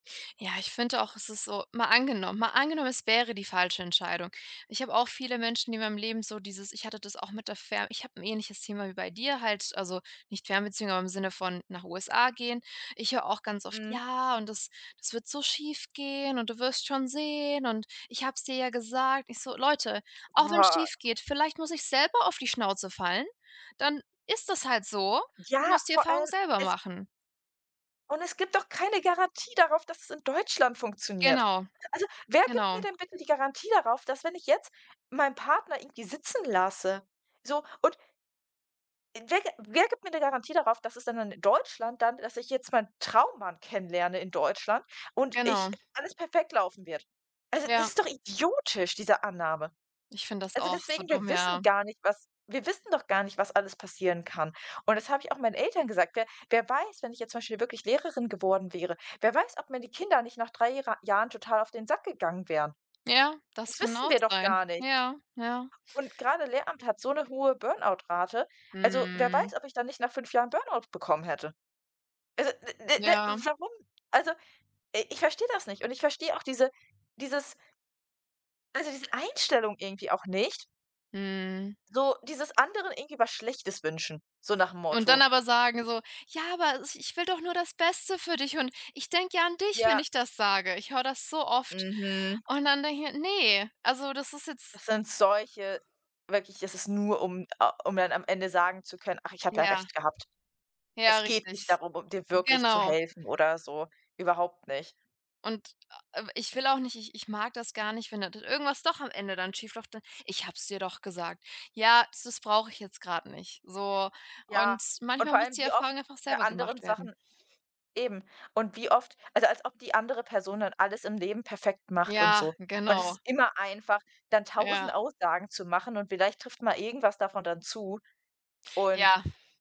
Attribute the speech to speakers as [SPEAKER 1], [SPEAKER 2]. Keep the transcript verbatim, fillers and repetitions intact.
[SPEAKER 1] Ja, ich finde auch, es ist so mal angenommen mal angenommen, es wäre die falsche Entscheidung. Ich habe auch viele Menschen in meinem Leben so dieses ich hatte das auch mit der Fern ich habe 'n ähnliches Thema wie bei dir halt also nicht Fernbeziehung, aber im Sinne von nach USA gehen. Ich höre auch ganz oft:
[SPEAKER 2] Mhm.
[SPEAKER 1] „Ja, und das das wird so schiefgehen und du wirst schon sehen und ich habe es dir ja gesagt.” Ich so: „Leute, auch wenn's
[SPEAKER 2] Boah.
[SPEAKER 1] schiefgeht, vielleicht muss ich selber auf die Schnauze fallen, dann ist das halt so und
[SPEAKER 2] Ja,
[SPEAKER 1] muss die
[SPEAKER 2] vor
[SPEAKER 1] Erfahrung
[SPEAKER 2] allem
[SPEAKER 1] selber
[SPEAKER 2] es
[SPEAKER 1] machen.“
[SPEAKER 2] Und es gibt doch keine Garantie darauf, dass es in Deutschland funktioniert.
[SPEAKER 1] Genau,
[SPEAKER 2] Also, wer gibt
[SPEAKER 1] genau.
[SPEAKER 2] mir denn bitte die Garantie darauf, dass wenn ich jetzt meinen Partner irgendwie sitzen lasse? So, und n wer g wer gibt mir 'ne Garantie darauf, dass es dann in Deutschland dann dass ich jetzt meinen Traummann kennenlerne in Deutschland und ich
[SPEAKER 1] Genau.
[SPEAKER 2] alles perfekt laufen wird? Also, das
[SPEAKER 1] Ja.
[SPEAKER 2] ist doch idiotisch, diese Annahme.
[SPEAKER 1] Ich finde das
[SPEAKER 2] Also
[SPEAKER 1] auch so
[SPEAKER 2] deswegen, wir
[SPEAKER 1] dumm, ja.
[SPEAKER 2] wissen gar nicht, was wir wissen doch gar nicht, was alles passieren kann. Und das habe ich auch meinen Eltern gesagt, wer wer weiß, wenn ich jetzt zum Beispiel wirklich Lehrerin geworden wäre, wer weiß, ob mir die Kinder nicht nach drei Jehre Jahren total auf den Sack gegangen wären?
[SPEAKER 1] Ja, das
[SPEAKER 2] Das
[SPEAKER 1] kann
[SPEAKER 2] wissen
[SPEAKER 1] auch
[SPEAKER 2] wir doch
[SPEAKER 1] sein.
[SPEAKER 2] gar nicht.
[SPEAKER 1] Ja, ja.
[SPEAKER 2] Und gerade Lehramt hat so 'ne hohe Burn-out-Rate. Also, wer
[SPEAKER 1] Mhm.
[SPEAKER 2] weiß, ob ich dann nicht nach fünf Jahren Burn-out bekommen hätte? Also, ne, ne, ne,
[SPEAKER 1] Ja.
[SPEAKER 2] warum? Also, i ich verstehe das nicht. Und ich verstehe auch diese dieses also diese Einstellung irgendwie auch nicht
[SPEAKER 1] Mhm.
[SPEAKER 2] so dieses anderen irgendwie was Schlechtes wünschen, so nach'm
[SPEAKER 1] Und dann
[SPEAKER 2] Motto.
[SPEAKER 1] aber sagen so: „Ja, aber is ich will doch nur das Beste für dich und ich denke ja an dich, wenn
[SPEAKER 2] Ja.
[SPEAKER 1] ich das sage.” Ich höre das so oft.
[SPEAKER 2] Mhm.
[SPEAKER 1] Und dann denke ich mir: „Ne, also das ist jetzt“
[SPEAKER 2] Es sind solche wirklich es ist nur, um a um dann am Ende sagen zu können: „Ach, ich habe ja
[SPEAKER 1] Ja.
[SPEAKER 2] Recht gehabt.“
[SPEAKER 1] Ja
[SPEAKER 2] Es geht nicht
[SPEAKER 1] richtig,
[SPEAKER 2] darum, um dir wirklich zu
[SPEAKER 1] genau.
[SPEAKER 2] helfen oder so. Überhaupt nicht.
[SPEAKER 1] Und, äh, ich will auch nicht ich ich mag das gar nicht, wenn d da irgendwas doch am Ende dann schief läuft, dann: „Ich habe es dir doch gesagt.” Ja, das s brauche ich jetzt grad nicht. So
[SPEAKER 2] Ja,
[SPEAKER 1] und
[SPEAKER 2] und
[SPEAKER 1] manchmal
[SPEAKER 2] vor
[SPEAKER 1] muss
[SPEAKER 2] allem
[SPEAKER 1] die
[SPEAKER 2] wie oft
[SPEAKER 1] Erfahrung einfach
[SPEAKER 2] bei
[SPEAKER 1] selber
[SPEAKER 2] anderen
[SPEAKER 1] gemacht werden.
[SPEAKER 2] Sachen eben. Und wie oft also, als ob die andere Person dann alles im Leben perfekt macht und
[SPEAKER 1] Ja,
[SPEAKER 2] so. Und es
[SPEAKER 1] genau.
[SPEAKER 2] ist immer einfach, dann tausend
[SPEAKER 1] Ja.
[SPEAKER 2] Aussagen zu machen und vielleicht trifft mal irgendwas davon dann zu. Und
[SPEAKER 1] Ja.